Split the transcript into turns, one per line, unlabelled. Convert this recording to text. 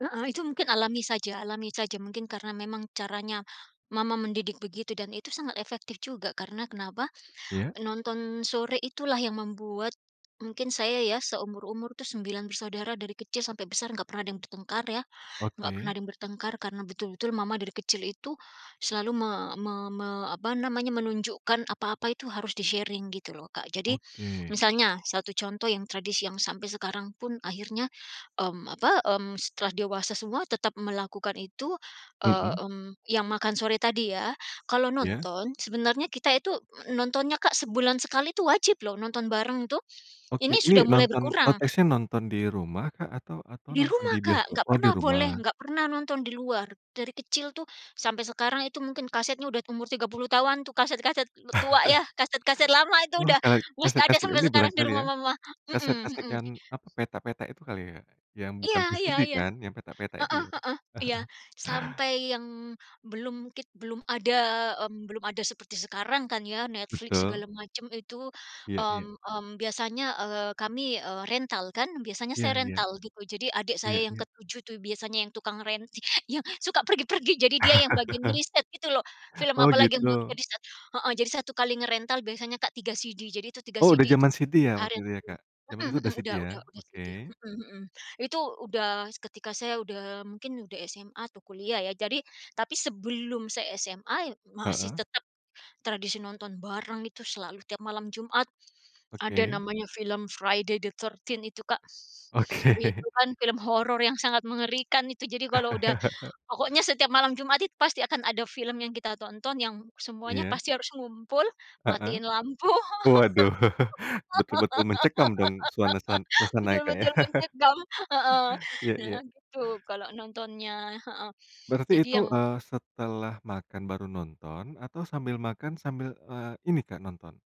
Heeh itu mungkin alami saja alami saja, mungkin karena memang caranya mama mendidik begitu dan itu sangat efektif juga karena kenapa?
Iya.
Nonton sore itulah yang membuat mungkin saya ya, seumur-umur itu 9 bersaudara dari kecil sampai besar nggak pernah ada yang bertengkar ya, nggak pernah
Oke.
yang bertengkar karena betul-betul mama dari kecil itu selalu me me me apa namanya, menunjukkan apa-apa itu harus di-sharing gitu loh Kak. Jadi
Oke.
misalnya, satu contoh yang tradisi yang sampai sekarang pun akhirnya, mmm, apa, mmm, setelah dewasa semua tetap melakukan itu, eee,
Mhm.
mmm, yang makan sore tadi ya. Kalau
Iya.
nonton sebenarnya kita itu nontonnya Kak sebulan sekali itu wajib loh, nonton bareng tuh.
Oke,
Ini,
ini
sudah mulai
nonton
berkurang.
konteksnya nonton di rumah Kak atau atau
Di
nonton
rumah
di
Kak!
bioskop?
Nggak
Oh di
pernah boleh
rumah.
nggak pernah nonton di luar, dari kecil tuh sampai sekarang itu mungkin kasetnya udah umur 30 tahunan tuh kaset-kaset tua ya, kaset-kaset lama itu
Wah
udah
ka
musti ada
kaset-kaset
sampai
ini
sekarang di
barangkali
rumah
ya?
mama. Mhm
Kaset-kaset
mhm.
yang apa petak-petak itu kali ya? Yang
iya
bukan
iya
VCD
iya.
kan? Yang petak-petak
Heeh
itu
heeh,
ya?
iya. Sampai yang belum tip belum ada, mmm, belum ada seperti sekarang kan ya, Netflix segala
Betul.
macam itu,
Iya
mmm
iya.
mmm, biasanya, eee, kami rental kan, biasanya
Iya
saya
iya.
rental gitu, jadi adik saya
Iya
yang
iya.
ke-7 tuh biasanya yang tukang ren yang suka pergi-pergi, jadi dia yang bagian ngeriset gitu loh. Film
Oh
apalagi yang belum di
gitu.
riset. Heeh, jadi 1 kali ngerental biasanya Kak 3 CD, jadi itu 3
Oh udah
CD itu.
zaman CD ya waktu itu ya
[unintelligible]
Kak? Zaman itu
Mhm mhm,
udah CD
udah
ya.
udah udah CD,
Oke.
mhm mhm. Itu udah ketika saya udah mungkin udah SMA atau kuliah ya, jadi tapi sebelum saya SMA, y masih
Heeh.
tetap tradisi nonton bareng itu selalu tiap malam Jumat. Ada
Oke.
namanya film Friday the 13th itu Kak.
Oke.
Itu kan film horor yang sangat mengerikan itu, jadi kalau udah pokoknya setiap malam Jumat it pasti akan ada film yang kita tonton, yang semuanya
Iya.
pasti harus ngumpul,
Heeh.
matiin lampu.
Waduh, betul-betul mencekam dong suanasan suasana ya Kak ya.
Betul-betul mencekam, heeh,
Iya iya.
nah gitu kalau nontonnya, heeh.
Berarti
Jadi
itu,
yang
eee, setelah makan baru nonton atau sambil makan sambil, eee, ini Kak, nonton?